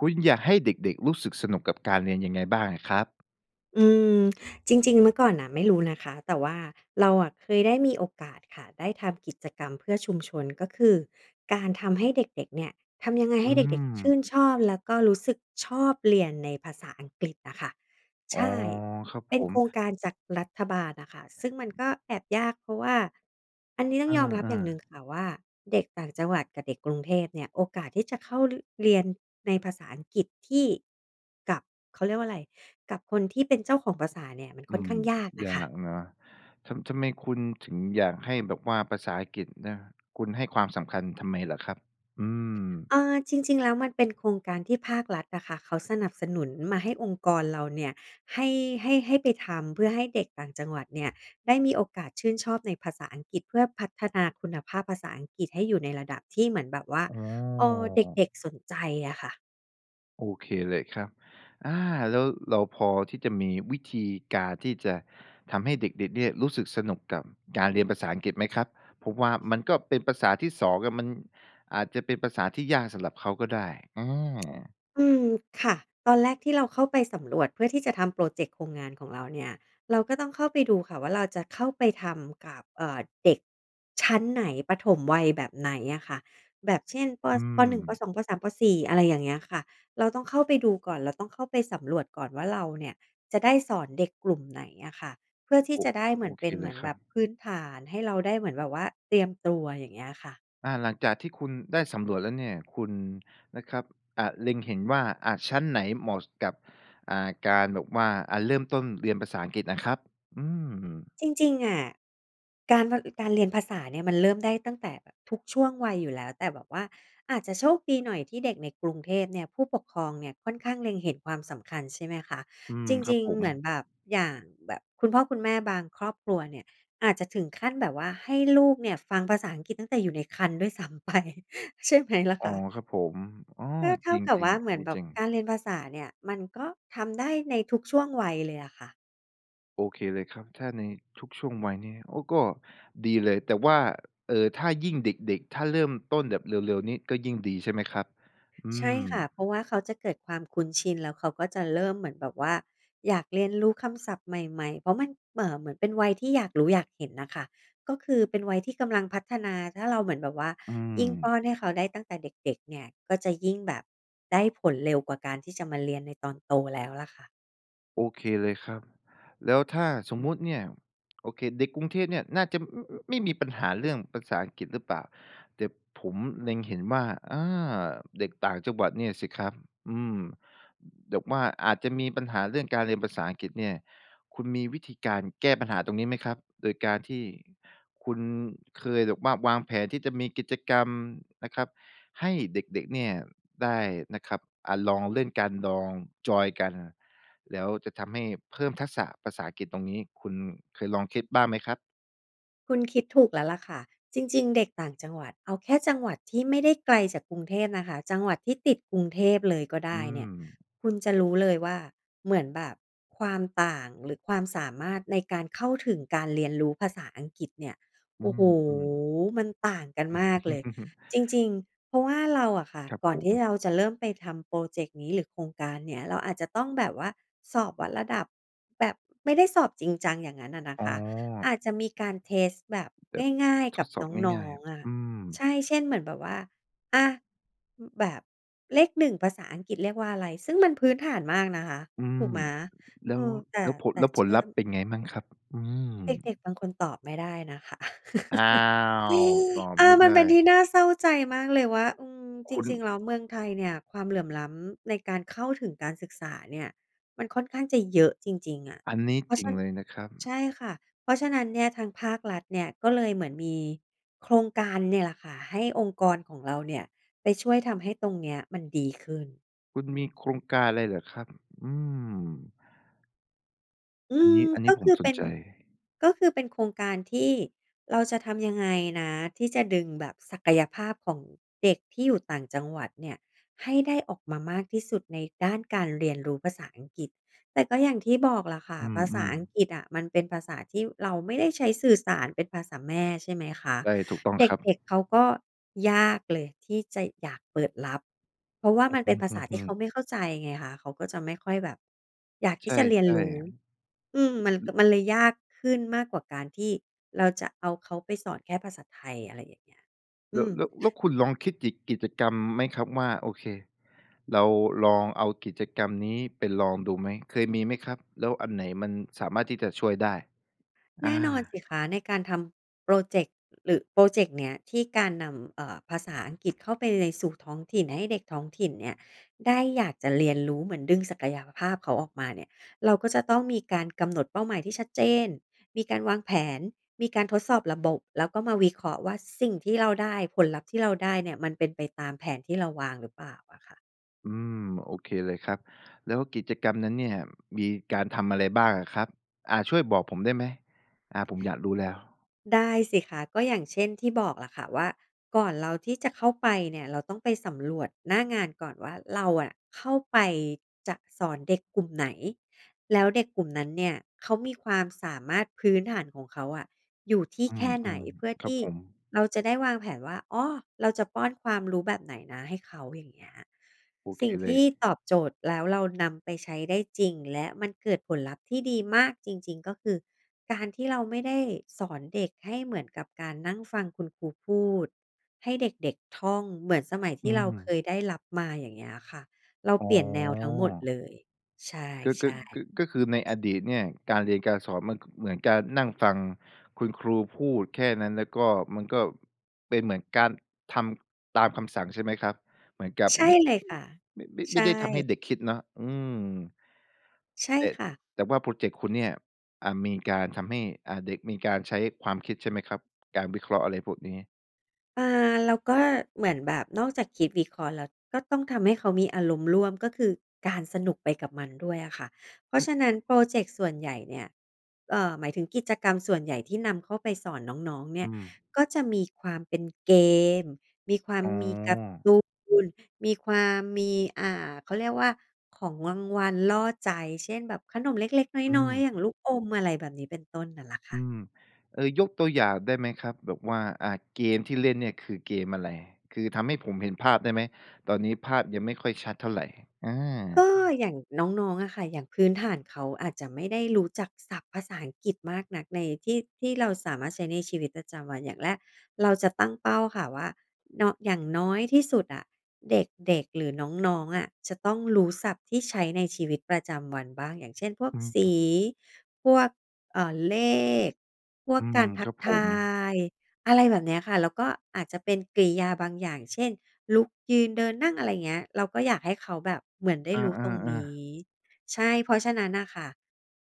คุณอยากให้เด็ก ๆ รู้สึกสนุกกับการเรียนยังไงบ้างอะครับ? อืม จริง ๆ เมื่อก่อนน่ะ ไม่รู้นะคะ แต่ว่าเราอะเคยได้มีโอกาสค่ะ ได้ทำกิจกรรมเพื่อชุมชน ก็คือการทำให้เด็ก ๆ เนี่ย ทำยังไงอใหื้เด็ก ๆ ชม ื่นชอบแล้วก็รู้สึกชอบเรียนในภาษาอังกฤษอะคะ อ๋ใอ ช่ ครับเปผ็นโม ครงการจากรัฐบาลอะคะ ซึ่งมันก็แอบยาก เพราะว่า อันนี้ต้เอองยอมรับอย่อ างหนึ่ๆ งค่ะว่า เด็กต่างจังหวัดกับเด็กกรุงเทพเนี่ย โอกาสที่จะเข้า ร เรียนในภาษาอังกฤษที่ กับ เขาเรียกว่าอะไร กับคนที่เป็นเจ้าของภาษาเนี่ย มันอคื่อนขม ้างยากน่ยะาค่ะ กนะ ทำ ทำไมคุณถึงอยากให้แบบว่าภาษาอังกฤษนะ คุณให้ความสำคัญทำไมเหรอครับ? อืม เออ จริง ๆ แล้ว มันเป็นโครงการที่ภาครัฐอะคะ เขาสนับสนุนมาให้องค์กรเราเนี่ย ให้ ให้ ให้ไปทำ เพื่อให้เด็กต่างจังหวัดเนี่ยได้มีโอกาสชื่นชอบในภาษาอังกฤษ เพื่อพัฒนาคุณภาพภาษาอังกฤษให้อยู่ในระดับที่เหมือนแบบว่า อ๋เออ เอ ด็ก ๆ สนใจอะค่ะ โอเคเลยครับ อา แล้วเราพอที่จะมีวิธีการที่จะทำให้เด็ก ๆ เนี่ย รู้สึกสนุกกับการเรียนภาษาอังกฤษไหมครับ? เพราะว่ามันก็เป็นภาษาที่สองอะ มันอาจจะเป็นภาษาที่ยากสำหรับเขาก็ได้ อือ อืม ค่ะ ตอนแรกที่เราเข้าไปสำรวจเพื่อที่จะทำพรอเจกต์โครงงานของเราเนี่ย เราก็ต้องเข้าไปดูค่ะว่า เราจะเข้าไปทำกับ เอ่อ เด็ก ชั้นไหน ประถมวัยแบบไหนอะค่ะ แบบ เช่น ป. อืส ป. 1 ป. ม 2 ป. 3 ป. 4 อะไรอย่างเงี้ยค่ะ เราต้องเข้าไปดูก่อน เราต้องเข้าไปสำรวจก่อนว่าเราเนี่ย จะได้สอนเด็กกลุ่มไหนอะค่ะ เพื่อที่โอ้ จะได้เหมโอือนเคเป็น เเหลมืยอนครแับบบ พื้นฐานให้เราได้เหมือนแบบว่าเตรียมตัว อย่างเงี้ยค่ะ อา หลังจากที่คุณได้สำรวจแล้วเนี่ย คุณ นะครับ อะ เล็งเห็นว่า อะ ชั้นไหนเหมาะ ส กับ อ่า การแบบว่า อะ เริ่มต้นเรียนภาษาอังกฤษอะครับ? อืม จริง ๆ อะ การ ภ การเรียนภาษาเนี่ย มันเริ่มได้ตั้งแต่แบบทุกช่วงวัยอยู่แล้ว แต่แบบว่าอาจจะโชคดีหน่อยที่เด็กในกรุงเทพเนี่ย ผู้ปกครองเนี่ยค่อนข้างเล็งเห็นความสำคัญ ใช่ไหมคะ อืม จครัรบิง ผๆ เม หมือนแบบอย่างแบบคุณพ่อคุณแม่บางครอบครัวเนี่ย อาจจะถึงขั้นแบบว่าให้ลูกเนี่ยฟังภาษาอังกฤษตั้งแต่อยู่ในครรภ์ด้วย ซ้ำไป ใช่ไหมล่ะอ๋คอ ะ? ครับผม อ้อ ก็เท่จากับริวง ่า เๆ อหัมนือนนี้แบจบริง การเรียนภาษาเนี่ย มันก็ทำได้ในทุกช่วงวัยเลยอะค่ะ โอเคเลยครับ ถ้าในทุกช่วงวัยนี้ โอ้ ก็ดีเลย แต่ว่า เออ ถ้ายิ่งเด็ก ๆ ถ้าเริ่มต้นแบบเร็ว ๆ นี่ ก็ยิ่งดีใช่ไหมครับ? อืใช่ม ค่ะ เพราะว่าเขาจะเกิดความคุ้นชิน แล้วเขาก็จะเริ่มเหมือนแบบว่าอยากเรียนรู้คำศัพท์ใหม่ ๆ เพราะมันเหม่อ เหมือนเป็นวัยที่อยากรู้อยากเห็นน่ะค่ะ ก็คือเป็นวัยที่กำลังพัฒนา ถ้าเราเหมือนแบบว่าอืยิ่งปม ้อนให้เขาได้ตั้งแต่เด็ก ๆ เนี่ย ก็จะยิ่งแบบได้ผลเร็วกว่าการที่จะมาเรียนในตอนโตแล้วล่ะค่ะ โอเคเลยครับ แล้วถ้าสมมุติเนี่ย โอเค เด็กกรุงเทพเนี่ย น่าจะ อ อ ไม่มีปัญหาเรื่องภาษาอังกฤษ หรือเปล่า แต่ผมเล็งเห็นว่า เออ เด็กต่างจังหวัดเนี่ยสิครับ อืม แบบว่าอาจจะมีปัญหาเรื่องการเรียนภาษาอังกฤษเนี่ย คุณมีวิธีการแก้ปัญหาตรงนี้ไหมครับ? โดยการที่คุณเคยแบบว่าวางแผนที่จะมีกิจกรรมนะครับ ให้เด็ก ๆ เนี่ยได้นะครับ อะ ลองเล่นกัน ลองจอยน์กัน แล้วจะทำให้เพิ่มทักษะภาษาอังกฤษ ตรงนี้คุณเคยลองคิดบ้างไหมครับ? คุณคิดถูกแล้วล่ะค่ะ จริง ๆ เด็กต่างจังหวัด เอาแค่จังหวัดที่ไม่ได้ไกลจากกรุงเทพนะคะ จังหวัดที่ติดกรุงเทพเลยก็ไดอื้เนี่ย ม คุณจะรู้เลยว่า เหมือนแบบความต่าง หรือความสามารถในการเข้าถึงการเรียนรู้ภาษาอังกฤษเนี่ย อืโอ้โฮ ม ๆ มันต่างกันอืมม ากเลย จริง ๆ เพราะว่าเราอะค่ะ ครับก่อผนที่ม เราจะเริ่มไปทำพรอเจกต์นี้หรือโครงการเนี้ย เราอาจจะต้องแบบว่าสอบวัดระดับ แบบไม่ได้สอบจริงจังอย่างงั้นอะนะอ๋คะ อ อาจจะมีการเทสต์แบบแบบทง่าด ย ๆ ทกัดบสอบน้ง่อาย ง ๆ อะ ๆ อืม ใช่ เช่น เหมือนแบบว่า อะ อืม แบบเลข 1 ภาษาอังกฤษเรียกว่าอะไร? ซึ่งมันพื้นฐานมากนะคะ อืถม ูกไหม? แล้เอว อ แต่ แล้วผล แต่แล้วเผชลื่ลอ ัพธม ์เป็นไงมั่งครับ? อืม เด็ก ๆ บางคนตอบไม่ได้นะคะ อ้าว ตอบเอไมอ ่ไมดัน้ เป็นที่น่าเศร้าใจมากเลยว่า อืม คจุณ ริง ๆ แล้วเมืองไทยเนี่ย ความเหลื่อมล้ำในการเข้าถึงการศึกษาเนี่ย มันค่อนข้างจะเยอะจริง ๆ อะ อันนี้เพราจะริฉงัน เลยนะครับ ใช่ค่ะ เพราะฉะนั้นเนี่ย ทางภาครัฐเนี่ยก็เลยเหมือนมีโครงการเนี่ยแหละค่ะ ให้องค์กรของเราเนี่ยไปช่วยทำให้ตรงเนี้ยมันดีขึ้น คุณมีโครงการอะไรเหรอครับ? อืม อือันนม ี้ อันนกี็้ผคมือสเปน็น ใจ ก็คือเป็นโครงการที่เราจะทำยังไงนะ ที่จะดึงแบบศักยภาพของเด็กที่อยู่ต่างจังหวัดเนี่ย ให้ได้ออกมามากที่สุดในด้านการเรียนรู้ภาษาอังกฤษ แต่ก็อย่างที่บอกล่ะค่ะ อืภาษาม อังๆ กฤษอะ มันเป็นภาษาที่เราไม่ได้ใช้สื่อสารเป็นภาษาแม่ ใช่ไหมคะ ใช่ ถูกต้องเครับ ด็ก ๆ เขาก็ยากเลยที่จะอยากเปิดรับ เพราะว่าอมันเปื็นอภาฮึ ษาทอีื่เอ ขาๆ ไม่เข้าใจไงคะ เขาก็จะไม่ค่อยแบบ อยากทใชี่จะเรียน่ รู้ อืม มันก็ ๆ มันเลยยากขึ้นมากกว่าการที่เราจะเอาเขาไปสอนแค่ภาษาไทย อะไรอย่างเงี้ย อแลื้ว ม แล้ว แล้วคุณลองคิดกิจ กิจกรรมไหมครับว่า โอเค เราลองเอากิจกรรมนี้ไปลองดูไหม เคยมีไหมครับ? แล้วอันไหนมันสามารถที่จะช่วยได้? แอนา ่นอนสิคะ ในการทำพรอเจกต์ หรือพรอเจกต์เนี้ยที่การนำ เอ่อ ภาษาอังกฤษเข้าไปในสู่ท้องถิ่นให้เด็กท้องถิ่นเนี่ยได้อยากจะเรียนรู้ เหมือนดึงศักยภาพเขาออกมาเนี่ย เราก็จะต้องมีการกำหนดเป้าหมายที่ชัดเจน มีการวางแผน มีการทดสอบระบบ แล้วก็มาวิเคราะห์ว่า สิ่งที่เราได้ ผลลัพธ์ที่เราได้เนี่ย มันเป็นไปตามแผนที่เราวางหรือเปล่าอะค่ะ อืม โอเคเลยครับ แล้วกิจกรรมนั้นเนี่ย มีการทำอะไรบ้างอะครับ อา ช่วยบอกผมได้ไหม? อา ผมอยากรู้แล้ว ได้สิคะ ก็อย่างเช่นที่บอกล่ะค่ะ ว่าก่อนเราที่จะเข้าไปเนี่ย เราต้องไปสำรวจหน้างานก่อนว่า เราอะเข้าไปจะสอนเด็กกลุ่มไหน แล้วเด็กกลุ่มนั้นเนี่ย เขามีความสามารถพื้นฐานของเขาอะอยู่ที่อืแค่ไหน ม เพื่อๆ คทรับี่ผม เราจะได้วางแผนว่า อ๋อ เราจะป้อนความรู้แบบไหนนะให้เขา อย่างเงี้ย โอสเคิ่งเลทีย ่ตอบโจทย์ แล้วเรานำไปใช้ได้จริง และมันเกิดผลลัพธ์ที่ดีมากจริง ๆ ก็คือการที่เราไม่ได้สอนเด็กให้เหมือนกับการนั่งฟังคุณครูพูด ให้เด็ก ๆ ท่องเหมือนสมัยทอีื่เราเคม ยได้รับมา อย่างเงี้ยค่ะ เราอ๋เอ ปลี่ยนแนวทั้งหมดเลย ใชก็ ก็ ่ ก็ ก็คือในอๆ ดีตเนี่ย การเรียนการสอนมันก็เหมือนการนั่งฟังคุณครูพูดแค่นั้น แล้วก็ มันก็เป็นเหมือนการทำตามคำสั่งใช่ไหมครับ? เหมือนกับใช่มิ เลยค่ะ ไม่ ไม่ ไใชม่่ ได้ทำให้เด็กคิดเนาะ อืม ใช่แต่ ค่ะ แต่ว่าพรอเจกต์คุณเนี่ย อ่า มีการทำให้ อ่า เด็กมีการใช้ความคิดใช่ไหมครับ? การวิเคราะห์อะไรพวกนี้ อ่า แล้วก็เหมือนแบบนอกจากคิดวิเคราะห์แล้ว ก็ต้องทำให้เขามีอารมณ์ร่วม ก็คือการสนุกไปกับมันด้วยอะค่ะ เพราอะือ ฉะนั้นพรอเจกต์ส่วนใหญ่เนี่ย เอ่อ หมายถึงกิจกรรมส่วนใหญ่ที่นำเข้าไปสอนน้อง ๆ เนี่อืย ม ก็จะมีความเป็นเกม มีความอ๋อ มีการ์ตูน มีความมี อ่า เขาเรียกว่า ของรางวัลล่อใจ เช่น แบบขนมเล็ก อืๆ น้อย ม ๆ อย่างลูกอม อะไรแบบนี้ เป็นต้น น่ะล่ะคอ่ืะ ม เออ ยกตัวอย่างได้ไหมครับ? แบบว่า อะ เกมที่เล่นเนี่ยคือเกมอะไร? คือทำให้ผมเห็นภาพได้ไหม? ตอนนี้ภาพยังไม่ค่อยชัดเท่าไร อา ก็อย่างน้อง ๆ อะค่ะ อย่างพื้นฐานเขาอาจจะไม่ได้รู้จักศัพท์ภาษาอังกฤษมากนัก ในที่ ที่เราสามารถใช้ในชีวิตประจำวัน อย่างแรกเราจะตั้งเป้าค่ะว่า นอ อย่างน้อยที่สุดอะ เด็ก ๆ หรือน้อง ๆ อะจะต้องรู้ศัพท์ที่ใช้ในชีวิตประจำวันบ้าง อย่างเช่น พวกสเอี อ พวก เอ่อ เลข พวอกืกม ารทคัรกับผทม าย อะไรแบบเนี้ยค่ะ แล้วก็อาจจะเป็นกริยาบางอย่าง เช่น ลุก ยืน เดิน นั่ง อะไรเงี้ย เราก็อยากให้เขาแบบเหมือนได้อา รู้ตรงนีๆ ๆ ้ ใช่ เพราะฉะนั้นน่ะค่ะ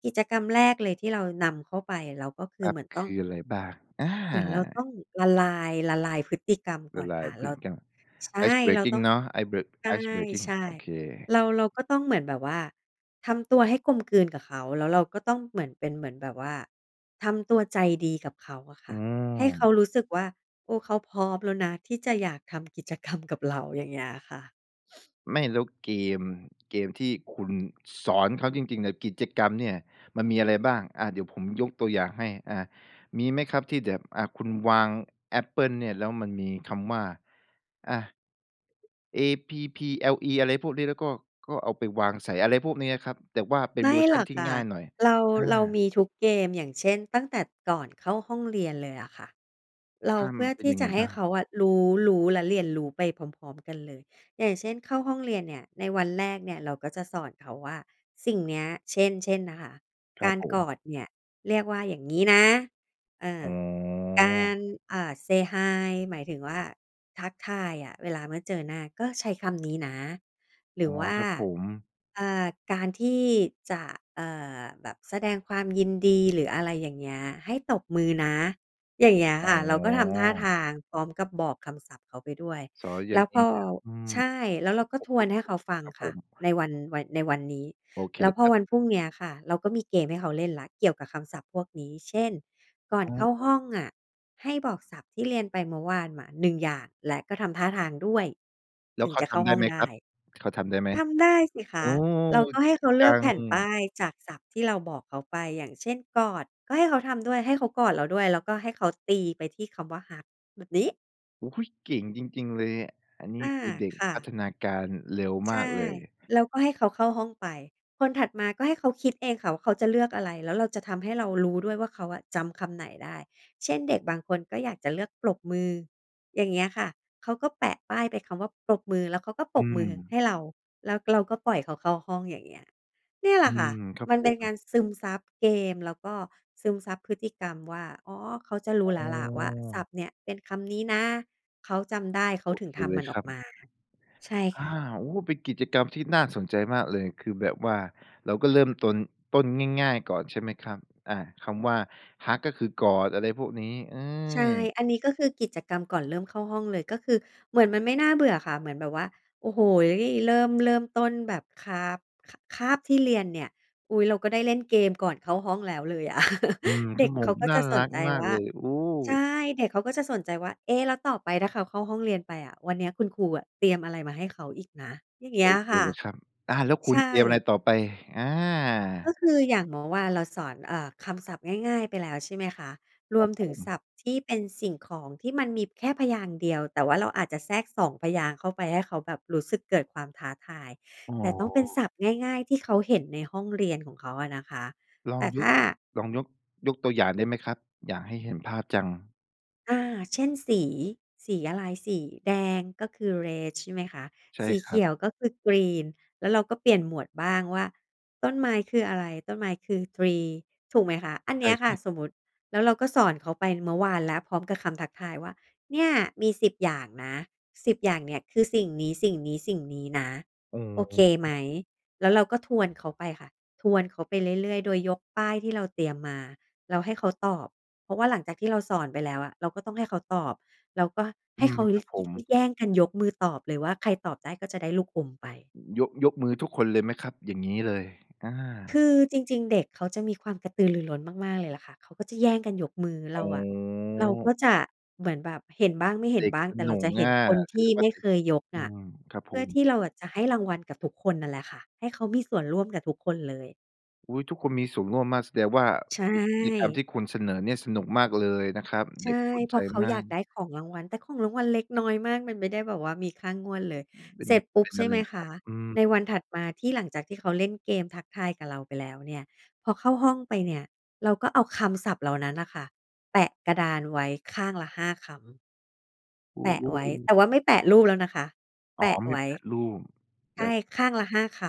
กิจกรรมแรกเลยที่เรานำเข้าไป เราก็คคือรัเหบ มือนคต้อง ืออะไรบ้าง? อา เหมือนเราต้องละลาย ละลายพฤติกรรมกล่ะอนลาคย่ะ พเรฤา ติกรรม ใช่ Ice เราตbreaking ้อง เนาะ Ice bre Ice breaking ใช่ โอเค ๆ เรา เราก็ต้องเหมือนแบบว่า ทำตัวให้กลมกลืนกับเขา แล้วเราก็ต้องเหมือนเป็น เหมือนแบบว่าทำตัวใจดีกับเขาอะคอื่ะ ให้เขาม รู้สึกว่า โอ้ เขาพร้อมแล้วนะ ที่จะอยากทำ กิจกรรม กับเรา อย่างเงี้ยค่ะ ไม่ แล้วเกม เกมที่คุณสอนเขาจริง ๆ เนี่ย กิจกรรมเนี่ย มันมีอะไรบ้าง? อะ เดี๋ยวผมยกตัวอย่างให้ อะ มีไหมครับที่แบบ อะ คุณวางแอปเปิลเนี่ย แล้วมันมีคำว่า อะ เอ พี พี แอล อี อะไรพวกนี้ แล้วก็ ก็เอาไปวางใส่ อะไรพวกนี้อะครับ แต่ว่าเป็ไนมเ่วอร์ชหรันอกที่ค่งะ ่ายหน่อย? เรา อเรามา ีทุกเกม อย่างเช่น ตั้งแต่ก่อนเข้าห้องเรียนเลยอะค่ะ เรา อา เพมัื่อนเป็ทนีย่ังจไงะใหบ้้าง? เขาอะรู้ รู้และเรียนรู้ไปพร้อม ๆ กันเลย อย่างเช่น เข้าห้องเรียนเนี่ย ในวันแรกเนี่ย เราก็จะสอนเขาว่า สิ่งเนี้ย เช่น เช่นนะคะ ครกัาบรผกม อดเนี่ย เรียกว่าอย่างงี้นะ เอออ ๋อ การ อ่า Say Hi หมายถึงว่าทักทายอะเวลาเมื่อเจอหน้า ก็ใช้คำนี้นะ หรอื๋อ อว่า ครับผม อ่า การที่จะ เอ่อ แบบแสดงความยินดี หรืออะไรอย่างเงี้ย ให้ตบมือนะ อย่างเงี้ยอ๋ค่ะ เราก็ทำท่าอ ทางพร้อมกับบอกคำศัพท์เขาไปด้วย สอนอยแ่ลา้งวงพี้อ เนี่ยแล้ว อืม ใช่ แล้วคเรรัาบก็ผทม ผ วนให้ผเขม าฟังครับคผ่ะ ม ในวัน วัย ในวันนี้ โอเคแล้วพคอรับ วันพรุ่งเนี้ยค่ะ เราก็มีเกมให้เขาเล่นแล้ว เกี่ยวกับคำศัพท์พวกนี้ เช่น ก่อนอะเข้าฮหะ ้องอะให้บอกศัพท์ที่เรียนไปเมื่อวานมา 1 อย่าง และก็ทำท่าทางด้วย แล้ถวึงเขาจะทเข้าำไดห้้องไหมไดคร้ ับ เขาทำได้ไหม? ทำได้สิคโอ้ ะ เราก็ใเหก้่เงขาเจลืัอกแผง ่นป้ายจากศัพท์ที่เราบอกเขาไป อย่างเช่น กอดก็ให้เขาทำด้วย ให้เขากอดเราด้วย แล้วก็ให้เขาตีไปที่คำว่า hug แบบนี้ อุ๊ย! เก่งจริง ๆ เลยเนี่ย อันนี้อา คือเด็กค่พัะ ฒนาการเร็วใชมาก่ เลย แล้วก็ให้เขาเข้าห้องไป คนถัดมาก็ให้เขาคิดเองค่ะว่า เขาจะเลือกอะไร แล้วเราจะทำให้เรารู้ด้วยว่า เขาอะจำคำไหนได้ เช่น เด็กบางคนก็อยากจะเลือกปรบมือ อย่างเงี้ยค่ะ เขาก็แปะป้ายเป็นคำว่าปรบมือ แล้วเขาก็ปอรืบมือม ให้เรา แล้วเราก็ปล่อยเขาเข้าห้อง อย่างเงี้ย เนี่ยแหลอืะค่ะ ม ครับมันผเป็นกาม รซึมซับเกม แล้วก็ซึมซับพฤติกรรมว่า อ๋อ เขาจะรูอ้้แล้วล่ะว่า ศอ ัพท์เนี่ยเป็นคำนี้นะ เขาจำได้ เขาโอถึเงคทเลำมัยนอคอรกับ มา ใช่อคา ่ะ โอ้! เป็นกิจกรรมที่น่าสนใจมากเลย คือแบบว่าเราก็เริ่มตน ต้นง่าย ๆ ก่อนใช่ไหมครับ? อะ คำว่า Hug ก็คือกอด อะไรพวกนี้ อืใช่ ม อันนี้ก็คือกิจกรรมก่อนเริ่มเข้าห้องเลย ก็คือเหมือนมันไม่น่าเบื่อค่ะ เหมือนแบบว่า โอ้โฮ เริ่ม เริ่มต้นแบบค้าบ ค คาบที่เรียนเนี่ย อุ๊ย เราก็ได้เล่นเกมก่อนเข้าห้องแล้วเลยอะ อืม เดชั็่กวโมเขง าก็น่จาะสรนักใจมาวก่า เลย โอ้! ใช่ เด็กเขาก็จะสนใจว่า เอ๊ะ! แล้วต่อไปถ้าเขาเข้าห้องเรียนไปอะ วันเนี้ยคุณครูอะเตรียมอะไรมาให้เขาอีกนะ อย่างเงโี้อยเคค่ะ เลยครับ อา แล้วคุใชณเตรียมอะไร่ ต่อไป? อก็า คืออย่างเมื่อวานเราสอน เอ่อ คำศัพท์ง่าย ๆ ไปแล้ว ใช่ไหมคะ รครวัมบถผึงศม ัพท์ที่เป็นสิ่งของ ที่มันมีแค่พยางค์เดียว แต่ว่าเราอาจจะแทรก 2 พยางค์เข้าไปให้เขาแบบรู้สึกเกิดความท้าทาย อ๋อ แต่ต้องเป็นศัพท์ง่าย ๆ ที่เขาเห็นในห้องเรียนของเขาอะนะคะ ลแอตง่ยถุก ้า ลองยก ยกตัวอย่างได้ไหมครับ? อยากให้เห็นภาพจัง อา เช่น สี สีอะไร สีแดงก็คือ red ใช่ไหมคะ ใช่สีคเขรับ ียวก็คือ green แล้วเราก็เปลี่ยนหมวดบ้างว่าต้นไม้คืออะไร ต้นไม้คือ tree ถูกไหมคะ อันใเชนี่้ยคครั่ะ บ สมมติ แล้วเราก็สอนเขาไปเมื่อวานแล้วพร้อมกับคำทักทายว่า เนี่ยมี 10 อย่างนะ 10 อย่างเนี่ย คือสิ่งนี้ สิ่งนี้ สิ่งนี้นะ เออ โอเเคไอหม อ แล้วเราก็ทวนเขาไปค่ะ ทวนเขาไปเรื่อย ๆ โดยยกป้ายที่เราเตรียมมาแล้วให้เขาตอบ เพราะว่าหลังจากที่เราสอนไปแล้วอะ เราก็ต้องให้เขาตอบ เราก็ใอหื้เขม า คยรัะ บผยิก ม ยิก แย่งกันยกมือตอบเลยว่า ใครตอบได้ก็จะได้ลูกอมไป ยก ยกมือทุกคนเลยไหมครับ? อย่างงี้เลย อา คือจริง ๆ เด็กเขาจะมีความกระตือรือร้น มาก ๆ เลยล่ะค่ะ เขาก็จะแย่งกันยกมือ อเร๋าอะ เราก็อ จะเหมือนแบบเห็นบ้าง ไม่เหเ็ดน็กบ้าง สแต่เนรุาจกะเหอ็นะ คนแทสีด่งวไ่มา่เด็เคกสยนุก ยกอนื่ะ ม ครับเพผื่อม ที่เราอะ จะให้รางวัลกับทุกคนนั่นแหละค่ะ ให้เขามีส่วนร่วมกับทุกคนเลย อุ๊ย ทุกคนมีส่วนร่วมมาก แสดงว่าใชกิจ กิจกรรมท่ ี่คุณเสนอเนี่ยสนุกมากเลยนะครับ ใชเด็ก่ สนเพใรจาะเขามาอยาก กได้ของรางวัล แต่ของรางวัลเล็กน้อยมากมันไม่ได้แบบว่ามีค่างวดเลย เป็เสน ร็จปุ๊เบ ป็นใชอ่ะไรไหมอะคครัะ บ? อืใม นวันถัดมาที่หลังจากที่เขาเล่นเกมทักทายกับเราไปแล้วเนี่ย พอเข้าห้องไปเนี่ย เราก็เอาคำศัพท์เหล่านั้นน่ะค่ะ แปะกระดานไว้ข้างละ 5 คำ โว แปะโอ้ ไว้ โแตว ่ว่าไม่แปะรูปแล้วนะคะ อแ๋ปอ ะมีไว้ แปะรูป ใแชล้่ ว ข้างละ 5 ค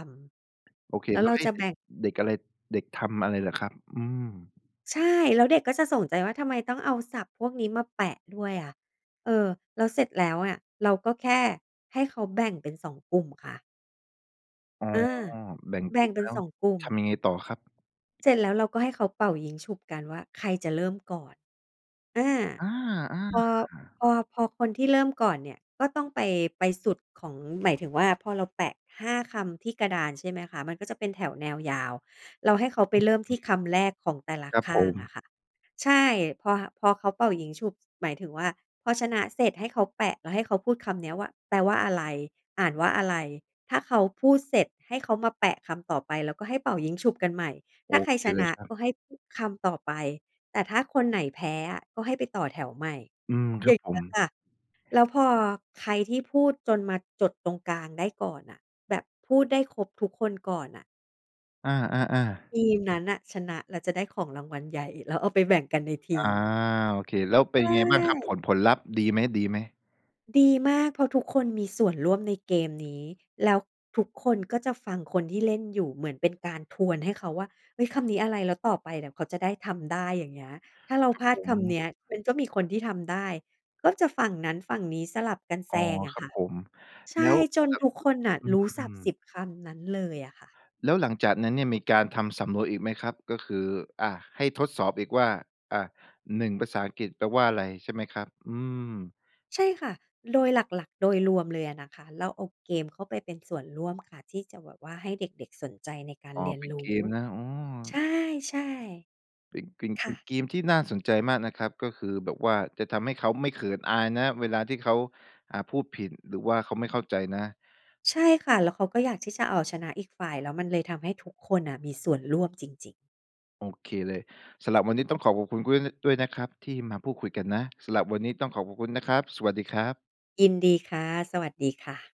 โอเค ำ แล้วแล้เรวาให้จะเดแบ็ก ่ง เด็กอะไร เด็กทำอะไรเหรอครับ? อืม ใช่ แล้วเด็กก็จะสนใจว่า ทำไมต้องเอาศัพท์พวกนี้มาแปะด้วยอะ เออ แล้วเสร็จแล้วอะ เราก็แค่ให้เขาแบ่งเป็น 2 กลุ่มค่ะ อ๋เออ อ แบ่งแบก่ลุง่มเป็แน ล้ว2 กลุ่ม ทำยังไงต่อครับ? เสร็จแล้วเราก็ให้เขาเป่ายิ้งฉุบกันว่า ใครจะเริ่มก่อน อา อา พอ พๆ อ พอคนที่เริ่มก่อนเนี่ยก็ต้องไป ไปสุดของ หมายถึงว่า พอเราแปะ 5 คำที่กระดานใช่ไหมคะ มันก็จะเป็นแถวแนวยาว เราให้เขาไโปอเเรค ิ่มที่คำแรกของแต่ละครับขผ้างอม ะค่ะ ใช่ พอ พอเขาเป่ายิ้งฉุบ หมายถึงว่า พอชนะเสร็จ ให้เขาแปะแล้วให้เขาพูดคำเนี้ยว่า แปลว่าอะไร อ่านว่าอะไร ถ้าเขาพูดเสร็จ ให้เขามาแปะคำต่อไป แล้วก็ให้เป่ายิ้งฉุบกันใหม่ โถอ้าใครเคชเลนยะครักบ ็ให้พูดคำต่อไป แต่ถ้าคนไหนแพ้อะ ก็ให้ไปต่อแถวใหม่ อืม คอยรั่บางผเงี้ม ยค่ะ แล้วพอใครที่พูดจนมาจดตรงกลางได้ก่อนน่ะ แบบพูดได้ครบทุกคนก่อนน่ะ อา ๆ ๆ ทีมนั้นน่ะ ชนะแล้วจะได้ของรางวัลใหญ่ แล้วเอาไปแบ่งกันในทอีา ม โอเค แล้วเปใ็ชนยังไงบ้างครับ ผ่ ล ผลลัพธ์ ดีไหม ๆ? ดีมาก เพราะทุกคนมีส่วนร่วมในเกมนี้ แล้วทุกคนก็จะฟังคนที่เล่นอยู่เหมือนเป็นการทวนให้เขาว่า เฮ้ย คำนี้อะไร แล้วต่อไปเนี่ยเขาจะได้ทำได้ อย่างเงี้ย ถ้าเราครัพบลาผดคำม เนี้ย มันก็มีคนที่ทำได้ ก็จะฝั่งนั้นฝั่งนี้สลับกันอแซ๋อ งอคะรัคบ่ะ ผม ใชแล้่ ว จนครับ ทุกคนน่ะอ อรู้ศืัพท์ สิม บ คำนั้นเลยอะค่ะ แล้วหลังจากนั้นเนี่ยมีการทำสำรวจอีกไหมครับ? ก็คือ อะ ให้ทดสอบอีกว่า อะ 1 ภาษาอังกฤษแปลว่าอะไรใช่ไหมครับ? อืม ใช่ค่ะ โดยหลัก ๆ โดยรวมเลยอะนะคะ เราเอาเกมเข้าไปเป็นส่วนร่วมค่ะ ที่จะแบบว่าให้เด็ก ๆ สนใจในการอ้อ เรียนเป็นรเูก้ มนะ อ๋อ ใช่ เป็นกิม ๆ คเป่็นะ เกมที่น่าสนใจมากนะครับ ก็คือแบบว่าจะทำให้เขาไม่เขินอายนะ เวลาที่เขา อ่า พูดผิด หรือว่าเขาไม่เข้าใจนะ ใช่ค่ะ แล้วเขาก็อยากที่จะเอาชนะอีกฝ่าย แล้วมันเลยทำให้ทุกคนน่ะมีส่วนร่วมจริง ๆ โอเคเลย สำหรับวันนี้ต้องขอขอบคุณก๊วย น ด้วยนะครับที่มาพูดคุยกันนะ สำหรับวันนี้ต้องขอขอบคุณนะครับ สวัสดีครับ ยินดีค่ะ สวัสดีค่ะ